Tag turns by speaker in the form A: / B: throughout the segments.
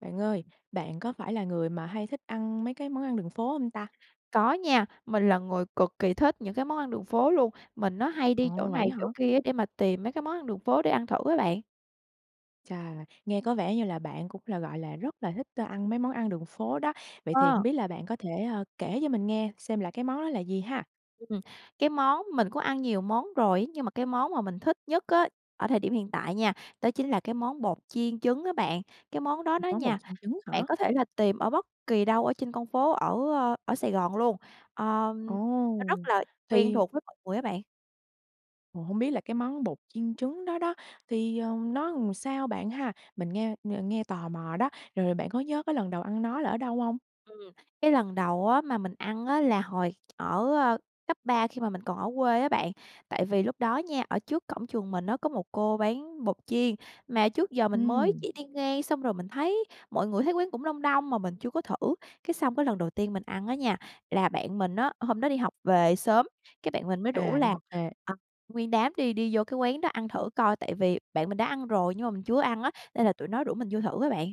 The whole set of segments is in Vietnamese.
A: Bạn ơi, bạn có phải là người mà hay thích ăn mấy cái món ăn đường phố hông ta?
B: Có nha. Mình là người cực kỳ thích những cái món ăn đường phố luôn. Mình á, hay đi chỗ
A: Ồ,
B: này
A: vậy á hả?
B: chỗ kia để mà tìm mấy cái món ăn đường phố để ăn thử á bạn.
A: Chà! Nghe có vẻ như là bạn cũng là, gọi là, rất là thích, ơ, ăn mấy món ăn đường phố đó. Vậy thì hông
B: Ờ.
A: biết là bạn có thể, a, kể cho mình nghe xem là cái món đó là gì ha?
B: Ừ, ừm. Cái món mình cũng ăn nhiều món rồi nhưng mà cái món mà mình thích nhất á, ở thời điểm hiện tại nha, đó chính là món bột chiên trứng á bạn. Cái món đó
A: Ừ,
B: đó
A: món bột
B: nha,
A: chiên trứng
B: bạn
A: hả?
B: có thể là tìm ở bất kỳ đâu ở trên con phố ở, ơ, ở Sài Gòn luôn. Ờm, nó
A: Ồ!
B: rất là quen
A: Thì
B: thuộc với mọi người á bạn.
A: Ồ, hông biết là cái món bột chiên trứng đó đó, thì, ờ, nó làm sao bạn ha? Mình nghe ng nghe tò mò đó. Rồi rồi bạn có nhớ cái lần đầu ăn nó là ở đâu hông?
B: Ừm, cái lần đầu á mà mình ăn á là hồi ở, a, cấp 3 khi mà mình còn ở quê á bạn. Tại vì lúc đó nha, ở trước cổng trường mình á có một cô bán bột chiên, mà trước giờ mình mới
A: Ừm.
B: chỉ đi ngang, xong rồi mình thấy mọi người thấy quán cũng đông đông mà mình chưa có thử. Cái xong cái lần đầu tiên mình ăn á nha, là bạn mình á hôm đó đi học về sớm, cái bạn mình mới rủ
A: À, đi
B: là,
A: học về.
B: à, nguyên đám đi đi vô cái quán đó ăn thử coi, tại vì bạn mình đã ăn rồi nhưng mà mình chưa ăn á, nên là tụi nó rủ mình vô thử á bạn.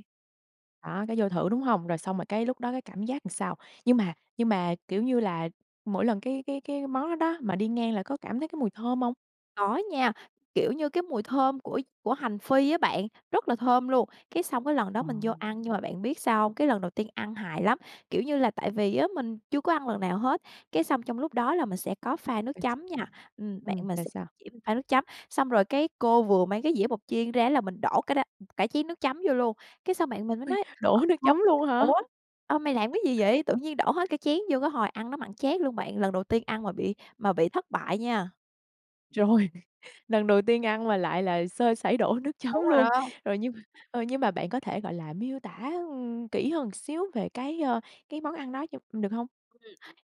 A: Đó, cái vô thử, đúng hông? Rồi xong rồi cái lúc đó cái cảm giác làm sao? Nhưng mà nhưng mà, kiểu như là, mỗi lần cái cái cái món đó đó, mà đi ngang là có cảm thấy cái mùi thơm hông?
B: Có nha. Kiểu như, cái mùi thơm của của hành phi á bạn, rất là thơm luôn, cái xong cái lần đó
A: Ồ!
B: mình vô ăn nhưng mà bạn biết sao hông? Cái lần đầu tiên ăn hài lắm, kiểu như là, tại vì á mình chưa có ăn lần nào hết, cái xong trong lúc đó là mình sẽ có pha nước
A: [unintelligible]
B: chấm nha. Ừm, bạn
A: Ừm,
B: mình
A: rồi
B: s
A: sao?
B: chỉ mình pha nước chấm. Xong rồi cái cô vừa mấy cái dĩa bột chiên ra là mình đổ cái đ ừm, cả chén nước chấm vô luôn. Cái xong bạn mình mới
A: Ôi!
B: nói,
A: Đổ nước
B: ờ,
A: chấm
B: [unintelligible]
A: luôn hả?
B: "Ủa, ơ, mày làm cái gì vậy? Tự nhiên đổ hết cái chén vô?" Cái hồi ăn nó mặn chát luôn bạn, lần đầu tiên ăn mà bị mà bị thất bại nha.
A: Rồi, lần đầu tiên ăn mà lại là sơ sẩy, đổ nước chấm
B: Đúng rồi
A: luôn.
B: đó.
A: Rồi nhưng mà ờ, nhưng mà bạn có thể, gọi là, miêu tả, ừm, kỹ hơn xíu về cái, ờ, cái món ăn đó cho mình được hông?
B: Ừm.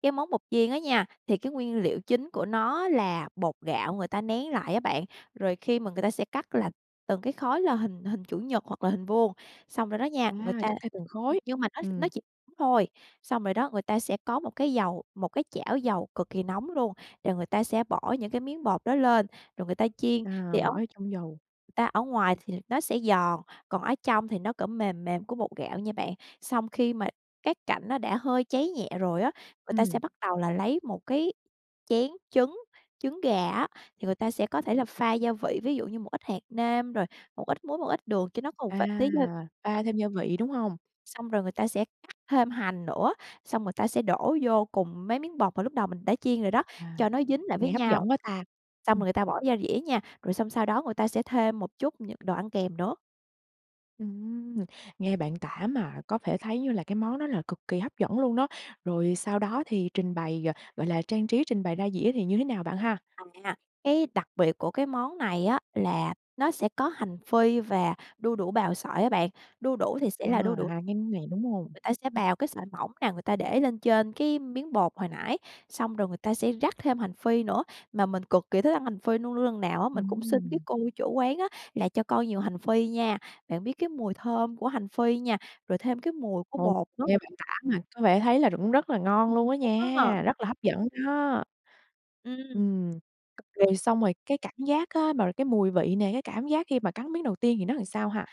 B: Cái món bột chiên á nha, thì cái nguyên liệu chính của nó là bột gạo người ta nén lại á bạn, rồi khi mà người ta sẽ cắt là từng cái khối, là hình hình chữ nhật hoặc là hình vuông, xong rồi đó nha, người
A: À!
B: ta
A: Cắt theo từng khối,
B: nhưng mà nó nó
A: ừm.
B: chỉ nóng thôi. Xong rồi đó, người ta sẽ có một cái dầu một cái chảo dầu cực kỳ nóng luôn, rồi người ta sẽ bỏ những cái miếng bột đó lên, rồi người ta chiên, thì
A: À!
B: ở,
A: Bỏ vô
B: [unintelligible] người
A: trong dầu.
B: ta ở ngoài thì nó sẽ giòn, còn ở trong thì nó, kiểu, mềm mềm của bột gạo nha bạn. Xong khi mà các cạnh nó đã hơi cháy nhẹ rồi á, người ta
A: Ừm.
B: sẽ bắt đầu là lấy một cái chén trứng, trứng gà á, thì người ta sẽ có thể là pha gia vị, ví dụ như một ít hạt nêm, rồi một ít muối, một ít đường cho nó có một ph
A: À!
B: tí gia [unintelligible] á.
A: Pha thêm gia vị, đúng hông?
B: Xong rồi người ta sẽ cắt thêm hành nữa, xong người ta sẽ đổ vô cùng mấy miếng bột mà lúc đầu mình đã chiên rồi đó,
A: À!
B: cho nó dính lại với
A: Nghe hấp
B: nhau.
A: dẫn quá ta!
B: Xong
A: Ừm.
B: rồi người ta bỏ ra dĩa nha, rồi xong sau đó người ta sẽ thêm một chút những đồ ăn kèm nữa.
A: Ừm, nghe bạn tả mà có thể thấy như là cái món đó là cực kỳ hấp dẫn luôn đó. Rồi sau đó thì trình bày g gọi là trang trí, trình bày ra dĩa thì như thế nào bạn ha?
B: À, cái đặc biệt của cái món này á, là nó sẽ có hành phi và đu đủ bào sợi á bạn. Đu đủ thì sẽ
A: À!
B: là đu đủ
A: Hai cái này, đúng hông?
B: người ta sẽ
A: Ừm.
B: bào cái sợi mỏng nà, người ta để lên trên cái miếng bột hồi nãy, xong rồi người ta sẽ rắc thêm hành phi nữa. Mà mình cực kỳ thích ăn hành phi luôn. Luôn luôn lần nào á, mình cũng xin cái
A: Ừm.
B: cô chủ quán á, là: "Cho con nhiều hành phi nha." Bạn biết cái mùi thơm của hành phi nha, rồi thêm cái mùi của
A: Ồ!
B: bột nữa.
A: Nghe bạn tả mà có vẻ thấy là cũng rất là ngon luôn đó
B: [unintelligible]
A: nha, rất là hấp dẫn đó.
B: Ừm,
A: Ừm,
B: ô kê.
A: rồi xong rồi cái cảnh giác á, mà cái mùi vị nè, cái cảm giác khi mà cắn miếng đầu tiên thì nó làm sao ha?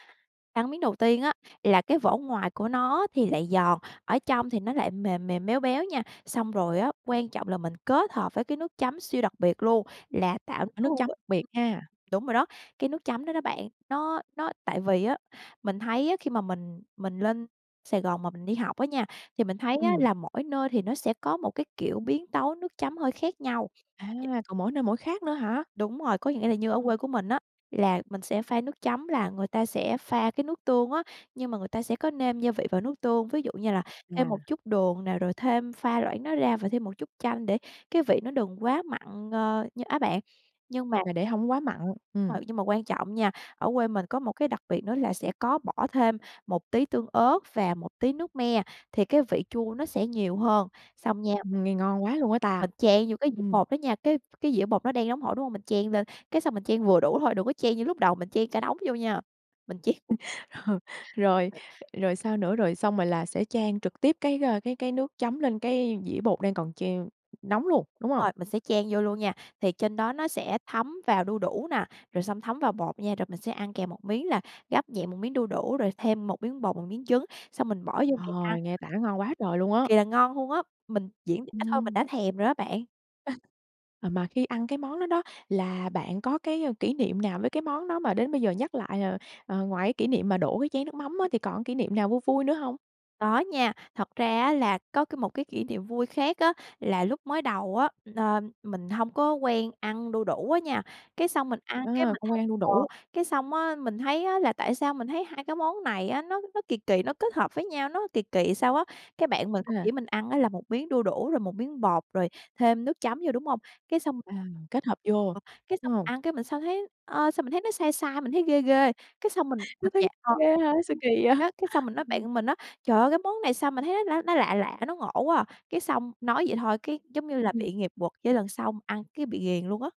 B: Cắn miếng đầu tiên á, là cái vỏ ngoài của nó thì lại giòn, ở trong thì nó lại mềm mềm, béo béo nha. Xong rồi á, quan trọng là mình kết hợp với cái nước chấm siêu đặc biệt luôn, là tạo cái
A: Có nước
B: hương
A: chấm
B: vị
A: biệt
B: [unintelligible]
A: ha.
B: đúng rồi đó, cái nước chấm đó đó bạn, nó nó tại vì á, mình thấy á, khi mà mình mình lên Sài Gòn mà mình đi học á nha, thì mình thấy á,
A: Ừm.
B: là mỗi nơi thì nó sẽ có một cái, kiểu, biến tấu nước chấm hơi khác nhau.
A: À!
B: D
A: Còn mỗi nơi mỗi khác nữa hả?
B: Đúng rồi, có nghĩa là như ở
A: Ờ.
B: quê của mình á, là mình sẽ pha nước chấm, là người ta sẽ pha cái nước tương á, nhưng mà người ta sẽ có nêm gia vị vào nước tương, ví dụ như là thêm
A: À!
B: một chút đường nè, rồi thêm pha loãng nó ra và thêm một chút chanh để cái vị nó đừng quá mặn, ờ, như á bạn. Nhưng mà
A: Là để hổng quá mặn, ừm.
B: Rồi, nhưng mà quan trọng nha, ở quê mình có một cái đặc biệt nữa là sẽ có bỏ thêm một tí tương ớt và một tí nước me, thì cái vị chua nó sẽ nhiều hơn, xong nha
A: Nghe ngon quá luôn á ta.
B: mình chan vô cái dĩa
A: Ừm.
B: bột đó nha, cái cái dĩa bột nó đang nóng hổi, đúng hông? Mình chan lên, cái xong mình chan vừa đủ thôi, đừng có chan như lúc đầu, mình chan cả đống vô nha. Mình chan
A: Rồi, rồi sao nữa? Rồi xong rồi là sẽ chan trực tiếp cái, ờ, cái cái nước chấm lên cái dĩa bột đang còn treo nóng luôn, đúng
B: Đúng
A: không?
B: rồi, mình sẽ chan vô luôn nha. Thì trên đó nó sẽ thấm vào đu đủ nè, rồi xong thấm vào bột nha, rồi mình sẽ ăn kèm một miếng là gắp nhẹ một miếng đu đủ, rồi thêm một miếng bột, một miếng trứng, xong mình bỏ vô miệng ăn.
A: Trời! Nghe tả ngon quá trời luôn
B: Cực
A: á.
B: kỳ là ngon luôn á, mình diễn tả thôi, mình
A: Ừm.
B: đã thèm rồi đó á bạn.
A: À mà khi ăn cái món đó đó, là bạn có cái kỷ niệm nào với cái món đó mà đến bây giờ nhắc lại ờ, ờ, ngoài cái kỷ niệm mà đổ cái chén nước mắm á,
B: Ừ.
A: thì còn kỷ niệm nào vui vui nữa hông?
B: Có nha. Thật ra á, là có cái một cái kỷ niệm vui khác á. Là lúc mới đầu á, ờ, mình có hông quen ăn đu đủ á nha, cái xong mình ăn, cái,
A: À.
B: mình
A: Không quen
B: thấy
A: ăn đu
B: ờ,
A: đủ.
B: cái xong á, mình thấy á, là tại sao mình thấy hai cái món này á, nó nó kỳ kỳ, nó kết hợp với nhau, nó kỳ kỳ sao á. Cái bạn mình cũng chỉ
A: [unintelligible]
B: mình ăn á, là một miếng đu đủ, rồi một miếng bột, rồi thêm nước chấm vô, đúng hông? Cái xong
A: À. Kết hợp vô,
B: cái xong
A: đúng hông?
B: ăn, cái mình sao thấy ờ, sao mình nó sai sai, mình thấy ghê ghê. Cái xong mình
A: Nó
B: mình
A: thấy
B: dạ, ờ
A: ghê ha. Sao kì vậy?
B: [unintelligible] cái xong mình nói
A: Ừm.
B: bạn mình á: "Trời ơi! Cái món này sao mà thấy nó nó lạ lạ, nó ngộ quá à." Cái xong nói vậy thôi, cái giống như là
A: Ừm.
B: bị nghiệp quật, cái lần sau ăn cái bị ghiền luôn á.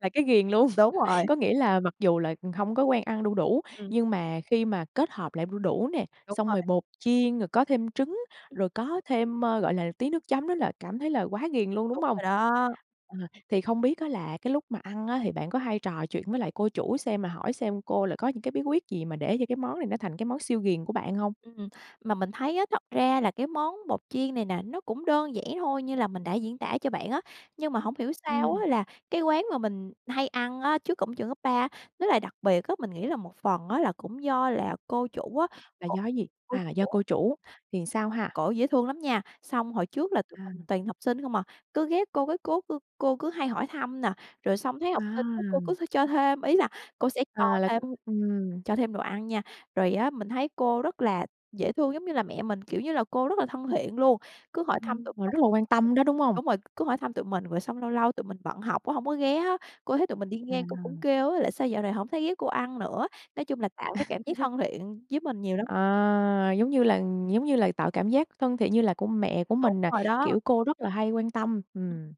A: Là cái ghiền luôn.
B: Đúng rồi.
A: Có nghĩa là, mặc dù là hông có quen ăn đu đủ,
B: Ừm.
A: nhưng mà khi mà kết hợp lại đu đủ nè,
B: Đúng
A: xong
B: rồi.
A: rồi bột chiên, rồi có thêm trứng,
B: Ừm.
A: rồi có thêm, ơ, gọi là, tí nước chấm nữa là cảm thấy là quá ghiền luôn, đúng
B: Đúng
A: hông?
B: rồi đó.
A: À, thì không biết á, là cái lúc mà ăn á, thì bạn có hay trò chuyện với lại cô chủ xem, mà hỏi xem cô là có những cái bí quyết gì mà để cho cái món này nó thành cái món siêu ghiền của bạn hông?
B: Ừm. Mà mình thấy á, thật ra là cái món bột chiên này nè, nó cũng đơn giản thôi, như là mình đã diễn tả cho bạn á. Nhưng mà hổng hiểu sao
A: Ừm.
B: á, là cái quán mà mình hay ăn á, trước cổng trường cấp 3 nó lại đặc biệt á. Mình nghĩ là một phần á, là cũng do là cô chủ á,
A: Là
B: cô
A: do cái gì?
B: cô
A: À! Do
B: chủ
A: cô chủ, thì sao ha?
B: cổ dễ thương lắm nha. Xong hồi trước là tụi mình
A: À.
B: toàn học sinh không à, cứ ghé cô, cái cố cô cô cứ hay hỏi thăm nè. Rồi xong thấy học sinh á, cô
A: À.
B: cứ th cho thêm, ý là cô sẽ cho
A: À. Là
B: thêm
A: cứ ừm.
B: cho thêm đồ ăn nha. Rồi á, mình thấy cô rất là dễ thương giống như là mẹ mình, kiểu như là cô rất là thân thiện luôn. Cứ hỏi thăm tụi
A: Ừm, và
B: mình
A: rất là quan tâm đó, đúng hông?
B: đúng rồi, cứ hỏi thăm tụi mình. Rồi xong lâu lâu tụi mình bận học cũng không có ghé á, cô thấy tụi mình đi ngang, cô cũng
A: À!
B: kêu á, là: "Sao dạo này hổng thấy ghé cô ăn nữa?" Nói chung là tạo cái cảm giác thân thiện với mình nhiều lắm.
A: À! Giống như là giống như là tạo cảm giác thân thiện như là của mẹ của
B: Đúng
A: mình nè,
B: rồi đó.
A: kiểu, cô rất là hay quan tâm.
B: Ừm.
A: Ừm.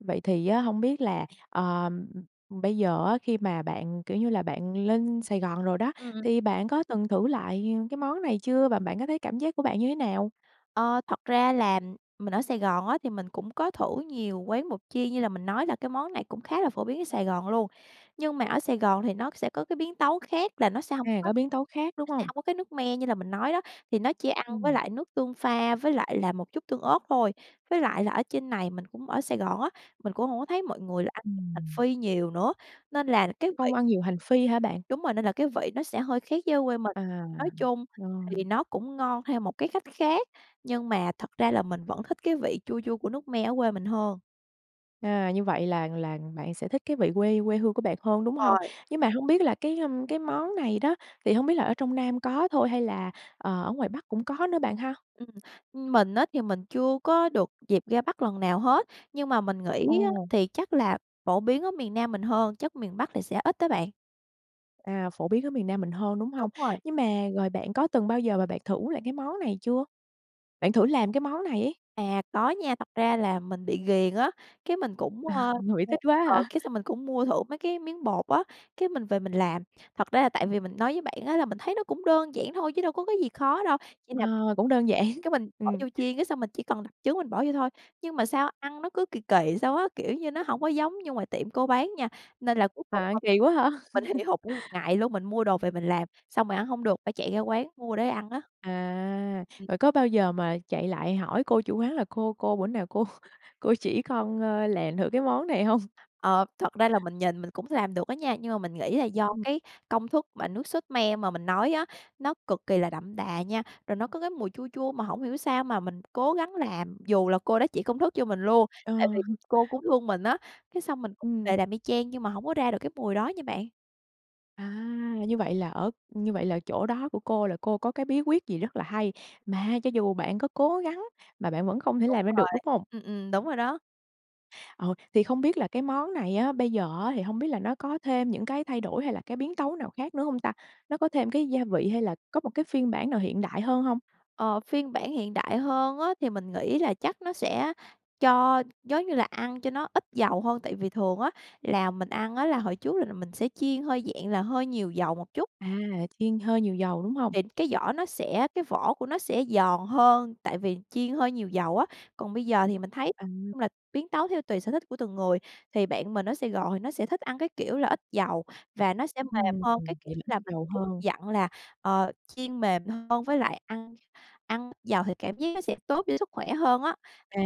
A: Vậy thì á, hông biết là, ờ, bây giờ á, khi mà bạn, kiểu như là, bạn lên Sài Gòn rồi đó,
B: Ừm, ừm.
A: thì bạn có từng thử lại cái món này chưa và bạn có thấy cảm giác của bạn như thế nào?
B: Ờ, thật ra là mình ở Sài Gòn á, thì mình cũng có thử nhiều quán bột chiên, như là mình nói là cái món này cũng khá là phổ biến ở Sài Gòn luôn. Nhưng mà ở Sài Gòn thì nó sẽ có cái biến tấu khác, là nó sẽ hông
A: À!
B: có
A: Có biến tấu khác, đúng
B: nó sẽ
A: không?
B: hổng có cái nước me như là mình nói đó, thì nó chỉ ăn với
A: Ừm.
B: lại nước tương pha với lại là một chút tương ớt thôi. Với lại là ở trên này, mình cũng ở Sài Gòn á, mình cũng hổng có thấy mọi người là ăn với hành
A: Ừm.
B: phi nhiều nữa, nên là cái vị
A: Không ăn nhiều hành phi hả bạn?
B: Đúng rồi, nên là cái vị nó sẽ hơi khác với ở quê mình.
A: À.
B: Nói chung
A: Ờ.
B: thì nó cũng ngon theo một cái cách khác, nhưng mà thật ra là mình vẫn thích cái vị chua chua của nước me ở quê mình hơn.
A: À. Như vậy là là bạn sẽ thích cái vị quê quê hương của bạn hơn, đúng hông?
B: Rồi.
A: Nhưng mà không biết là cái cái món này đó, thì hổng biết là ở trong Nam có thôi hay là, ờ, ở ngoài Bắc cũng có nữa bạn ha?
B: Ừm, ưm, mình á, thì mình chưa có được dịp ra Bắc lần nào hết, nhưng mà mình nghĩ á,
A: Ồ!
B: thì chắc là phổ biến ở miền Nam mình hơn, chắc miền Bắc thì sẽ ít đó bạn.
A: À! Phổ biến ở miền Nam mình hơn, đúng hông?
B: Đúng rồi.
A: Nhưng mà rồi bạn có từng bao giờ mà bạn thử lại cái món này chưa? Bạn thử làm cái món này ấy.
B: À, có nha. Thật ra là mình bị ghiền á, cái mình cũng
A: À!
B: ờ
A: Ngửi thích quá
B: ờ,
A: hả?
B: cái xong mình cũng mua thử mấy cái miếng bột á, cái mình về mình làm. Thật ra là tại vì mình nói với bạn á, là mình thấy nó cũng đơn giản thôi, chứ đâu có cái gì khó đâu, chỉ là [unintelligible]
A: Ờ, cũng đơn giản,
B: cái mình bỏ
A: ừm.
B: vô chiên, cái xong mình chỉ cần đập trứng mình bỏ vô thôi. Nhưng mà sao ăn nó cứ kỳ kỳ sao á, kiểu như nó hổng có giống như ngoài tiệm cô bán nha. Nên là cuối
A: À,
B: cùng
A: ăn
B: [unintelligible]
A: kỳ quá hả?
B: mình hì hục nguyên một ngày luôn, mình mua đồ về mình làm, xong rồi ăn hông được, phải chạy ra quán mua để ăn á.
A: À.
B: Ừ.
A: Vậy có bao giờ mà chạy lại hỏi cô chủ quán là: "Cô ơi cô, bữa nào cô cô chỉ con, ơ, làm thử cái món này." hông?
B: Ờ, thật ra là mình nhìn mình cũng làm được á nha. Nhưng mà mình nghĩ là do
A: Ừ.
B: cái công thức mà nước sốt me mà mình nói á, nó cực kỳ là đậm đà nha, rồi nó có cái mùi chua chua mà hổng hiểu sao mà mình cố gắng làm dù là cô đó chỉ công thức cho mình luôn,
A: Ờ.
B: tại vì cô cũng thương mình á. Cái xong mình
A: Ừm.
B: về làm y chang nhưng mà hổng có ra được cái mùi đó nha bạn.
A: À! Như vậy là ở như vậy là chỗ đó của cô là cô có cái bí quyết gì rất là hay, mà cho dù bạn có cố gắng mà bạn vẫn không thể
B: Đúng
A: làm ra được,
B: rồi,
A: đúng hông?
B: ừm, ừm. Đúng rồi đó.
A: Ờ, thì không biết là cái món này á, bây giờ á, thì hông biết là nó có thêm những cái thay đổi hay là cái biến tấu nào khác nữa hông ta? Nó có thêm cái gia vị hay là có một cái phiên bản nào hiện đại hơn hông?
B: Ờ, phiên bản hiện đại hơn á, mình nghĩ là chắc nó sẽ cho giống như là ăn cho nó ít dầu hơn, tại vì thường á, là mình ăn á, là hồi trước là là mình sẽ chiên hơi, dạng là, hơi nhiều dầu một chút.
A: À! Chiên hơi nhiều dầu, đúng hông?
B: Thì cái vỏ nó sẽ cái vỏ của nó sẽ giòn hơn, tại vì chiên hơi nhiều dầu á. Còn bây giờ thì mình thấy, nói
A: À!
B: chung là, biến tấu theo tùy sở thích của từng người. Thì bạn mình nó sẽ gọi nó sẽ thích ăn cái kiểu là ít dầu và nó sẽ mềm
A: Ừm,
B: hơn, cái kiểu
A: vậy là
B: như
A: ít
B: là mình
A: dầu
B: [unintelligible]
A: hơn.
B: dặn là, ờ, chiên mềm hơn với lại ăn ăn ít dầu thì cảm giác nó sẽ tốt cho sức khỏe hơn á.
A: À!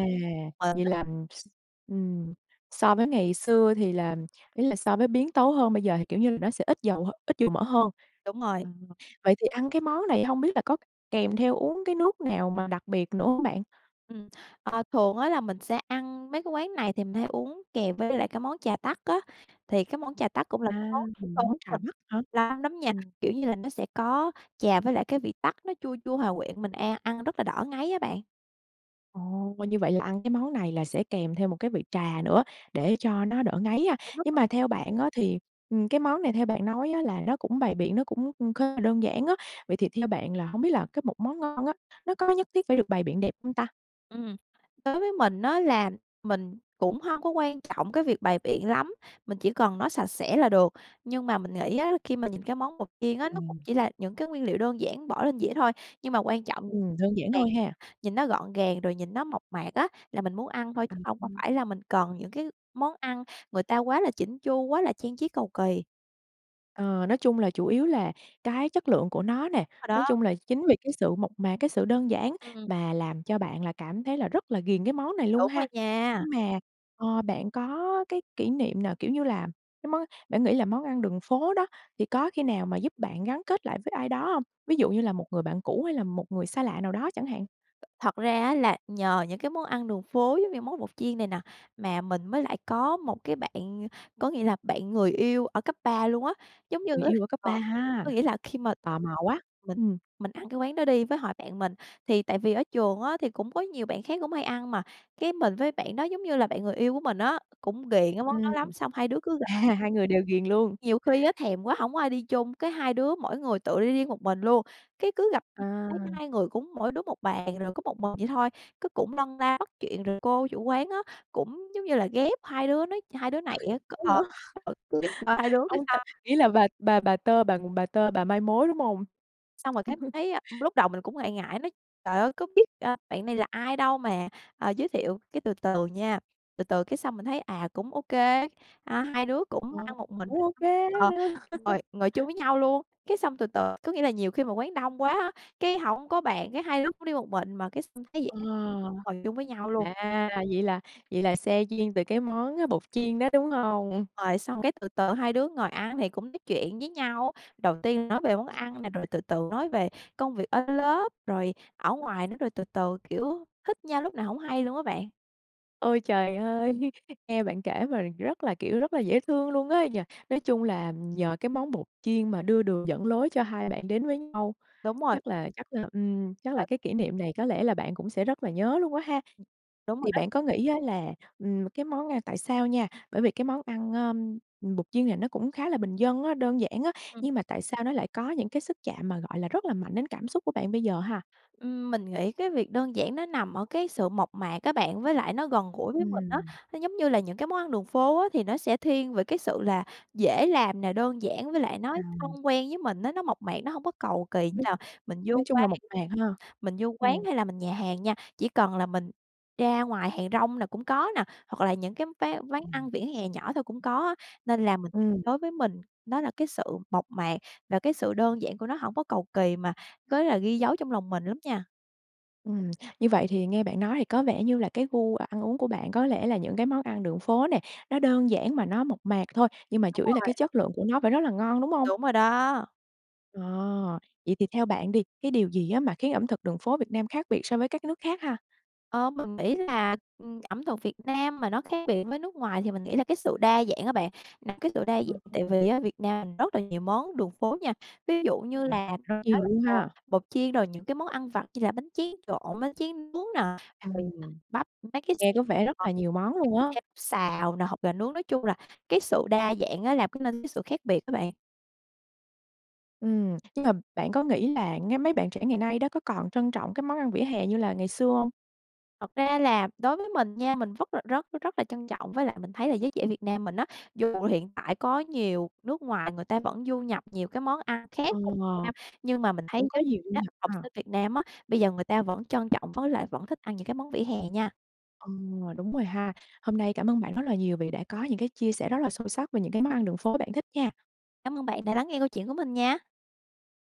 B: Ờ,
A: Vậy
B: rất.
A: là s
B: [unintelligible]
A: ừm, so với ngày xưa thì là ý là so với biến tấu hơn bây giờ thì kiểu như là nó sẽ ít dầu ít dầu mỡ hơn.
B: Đúng rồi.
A: À, vậy thì ăn cái món này hông biết là có kèm theo uống cái nước nào mà đặc biệt nữa hông bạn?
B: Ừm, à, thường á, là mình sẽ ăn mấy cái quán này thì mình hay uống kèm với lại cái món trà tắc á, thì cái món trà tắc cũng là
A: À!
B: món tuổi thơ của
A: Món trà
B: mình.
A: Bắc hả?
B: [unintelligible] lắm nha,
A: Ừm.
B: kiểu như là nó sẽ có trà với lại cái vị tắc, nó chua chua, hòa quyện, mình an ăn rất là đỡ ngấy á bạn.
A: Ồ! Coi như vậy là ăn cái món này là sẽ kèm theo một cái vị trà nữa để cho nó đỡ ngấy ha.
B: Đúng rồi.
A: Nhưng mà theo bạn á, thì ừm, cái món này theo bạn nói á, là nó cũng bày biện, nó cũng cũng khá là đơn giản á. Vậy thì theo bạn là hổng biết là cái một món ngon á, nó có nhất thiết phải được bày biện đẹp hông ta?
B: Ừm. Đối với mình á, là mình cũng hông có quan trọng cái việc bày biện lắm, mình chỉ cần nó sạch sẽ là được. Nhưng mà mình nghĩ á, khi mà nhìn cái món bột chiên á, nó cũng
A: Ừm.
B: chỉ là những cái nguyên liệu đơn giản bỏ lên dĩa thôi, nhưng mà quan trọng
A: Ừm, đơn giản
B: [unintelligible]
A: thôi ha.
B: nhìn nó gọn gàng, rồi nhìn nó mộc mạc á, là mình muốn ăn thôi, chứ không không
A: [unintelligible]
B: phải là mình cần những cái món ăn người ta quá là chỉn chu, quá là trang trí cầu kỳ.
A: Ờ, nói chung là chủ yếu là cái chất lượng của nó nè.
B: Đúng rồi
A: Nói
B: đó.
A: chung là chính vì cái sự mộc mạc, cái sự đơn giản
B: Ừm.
A: mà làm cho bạn là cảm thấy là rất là ghiền cái món này luôn
B: Đúng
A: ha.
B: rồi nha.
A: Nhưng mà ờ, bạn có cái kỷ niệm nào, kiểu như là cái món bạn nghĩ là món ăn đường phố đó, thì có khi nào mà giúp bạn gắn kết lại với ai đó hông? Ví dụ như là một người bạn cũ hay là một người xa lạ nào đó chẳng hạn.
B: Thật ra á, là nhờ những cái món ăn đường phố giống như món bột chiên này nè, mà mình mới lại có một cái bạn có nghĩa là bạn người yêu ở cấp 3 luôn á. Giống như
A: Người
B: á,
A: yêu ở cấp
B: ờ
A: 3 ha.
B: có nghĩa là khi mà
A: Tò mò quá!
B: mình
A: Ừm.
B: mình ăn cái quán đó đi, với hội bạn mình, thì tại vì ở trường á, thì cũng có nhiều bạn khác cũng hay ăn mà, cái, mình với bạn đó giống như là bạn người yêu của mình á, cũng ghiền cái món đó
A: Ừm.
B: lắm xong hai đứa cứ gặp.
A: À, hai người đều ghiền luôn.
B: Nhiều khi á, thèm quá, hổng có ai đi chung, cái hai đứa mỗi người tự đi riêng một mình luôn. Cái, cứ gặp [unintelligible] thấy
A: À!
B: hai người cũng mỗi đứa một bàn, rồi có một mình vậy thôi, cái cũng lân la bắt chuyện. Rồi cô chủ quán á, cũng giống như là ghép hai đứa nó hai đứa
A: Hay
B: này á, c ờ,
A: vậy?
B: gợi chuyện cho hai đứa
A: Ông tơ
B: [unintelligible]
A: nghĩa là bà bà bà tơ bà bà tơ, bà mai mối, đúng hông?
B: Xong rồi cái mình thấy á, lúc đầu mình cũng ngại ngại nói: "Trời ơi, có biết, a, bạn này là ai đâu mà, ơ, giới thiệu." Cái từ từ nha, từ từ cái xong mình thấy, à, cũng ô kê, à, hai đứa cũng
A: Ờ,
B: ăn một mình,
A: cũng
B: rồi
A: ô
B: xong,
A: kê
B: ờ,
A: đó nha.
B: ngồi ngồi chung với nhau luôn. Cái xong từ từ có nghĩa là nhiều khi mà quán đông quá á, cái hổng có bàn, cái hai đứa cũng đi một mình, mà cái xong thấy vậy
A: Ờ,
B: á, ngồi chung với nhau luôn.
A: à, vậy là vậy là se duyên từ cái món bột chiên đó, đúng hông?
B: Rồi xong cái từ từ hai đứa ngồi ăn thì cũng nói chuyện với nhau. Đầu tiên nói về món ăn nè, rồi từ từ nói về công việc ở lớp, rồi ở ngoài nữa, rồi từ từ, kiểu, thích nhau lúc nào hổng hay luôn á bạn.
A: Ôi trời ơi! Nghe bạn kể mà rất là, kiểu, rất là dễ thương luôn á nhỉ. Nói chung là nhờ cái món bột chiên mà đưa đường dẫn lối cho hai bạn đến với nhau.
B: Đúng rồi.
A: Chắc là chắc là ừm, chắc là
B: [unintelligible]
A: cái kỷ niệm này có lẽ là bạn cũng sẽ rất là nhớ luôn quá ha.
B: Ừ, đúng rồi
A: Thì
B: đó.
A: bạn có nghĩ á, là ừm, cái món ăn tại sao nha bởi vì cái món ăn, à, bột chiên này nó cũng khá là bình dân á, đơn giản á,
B: Ừm.
A: nhưng mà tại sao nó lại có những cái sức chạm mà, gọi là, rất là mạnh đến cảm xúc của bạn bây giờ ha?
B: Ừm, mình nghĩ cái việc đơn giản nó nằm ở cái sự mộc mạc á bạn, với lại nó gần gũi với mình á.
A: Ừm.
B: Nó giống như là những cái món ăn đường phố á, thì nó sẽ thiên về cái sự là dễ làm nè, đơn giản với lại nói thân
A: Ờm.
B: quen với mình á, nó mộc mạc, nó hông có cầu kỳ như
A: [unintelligible]
B: là mình vô
A: nói chung là
B: quán
A: mộc mạc ha.
B: mình vô quán
A: Ừm.
B: hay là mình nhà hàng nha. Chỉ cần là mình ra ngoài hàng rong là cũng có nè, hoặc là những cái ván quán
A: Ừm.
B: ăn vỉa hè nhỏ thôi cũng có á, nên là mình
A: Ừm.
B: đối với mình nó là cái sự mộc mạc, và cái sự đơn giản của nó hổng có cầu kỳ, mà có là ghi dấu trong lòng mình lắm nha.
A: Ừm, như vậy thì nghe bạn nói thì có vẻ như là cái gu ăn uống của bạn có lẽ là những cái món ăn đường phố nè, nó đơn giản mà nó mộc mạc thôi, nhưng mà
B: Đúng
A: chủ yếu là cái
B: rồi.
A: chất lượng của nó phải rất là ngon, đúng hông?
B: Đúng rồi đó.
A: À! Vậy thì theo bạn đi, cái điều gì á, mà khiến ẩm thực đường phố Việt Nam khác biệt so với các nước khác ha?
B: Ờ, mình nghĩ là, ừm, ẩm thực Việt Nam mà nó khác biệt với nước ngoài thì mình nghĩ là cái sự đa dạng á bạn. Là cái sự đa dạng
A: [unintelligible]
B: tại vì á, Việt Nam rất là nhiều món đường phố nha, ví dụ như là mình
A: [unintelligible]
B: nói
A: nhiều
B: là,
A: luôn
B: ờ,
A: ha.
B: bột chiên, rồi những cái món ăn vặt như là bánh tráng trộn, bánh tráng nướng nè, rồi
A: Ừm,
B: bắp, mấy cái
A: nghe
B: xe
A: có vẻ rất
B: mà
A: là
B: [unintelligible]
A: nhiều món luôn á.
B: mấy cái xe bắp xào nè, hột gà nướng, nói chung là cái sự đa dạng á, làm cái nên sự khác biệt á bạn.
A: Ừm, nhưng mà bạn có nghĩ là ngay mấy bạn trẻ ngày nay đó, có còn trân trọng các món ăn vỉa hè như là ngày xưa hông?
B: Thật ra là đối với mình nha, mình vất là rất rất là trân trọng. Với lại mình thấy là giới trẻ Việt Nam mình á, dù hiện tại có nhiều nước ngoài người ta vẫn du nhập nhiều cái món ăn khác
A: Ờ,
B: vào Việt Nam, nhưng mà mình thấy
A: cũng có
B: giới
A: nhiều du
B: trẻ á,
A: nhập
B: học
A: ha.
B: sinh Việt Nam á, bây giờ người ta vẫn trân trọng với lại vẫn thích ăn những cái món vỉa hè nha.
A: Ờ, đúng rồi ha. Hôm nay cảm ơn bạn rất là nhiều vì đã có những cái chia sẻ rất là sâu sắc về những cái món ăn đường phố bạn thích nha.
B: Cám ơn bạn đã lắng nghe câu chuyện của mình nha.
A: Ba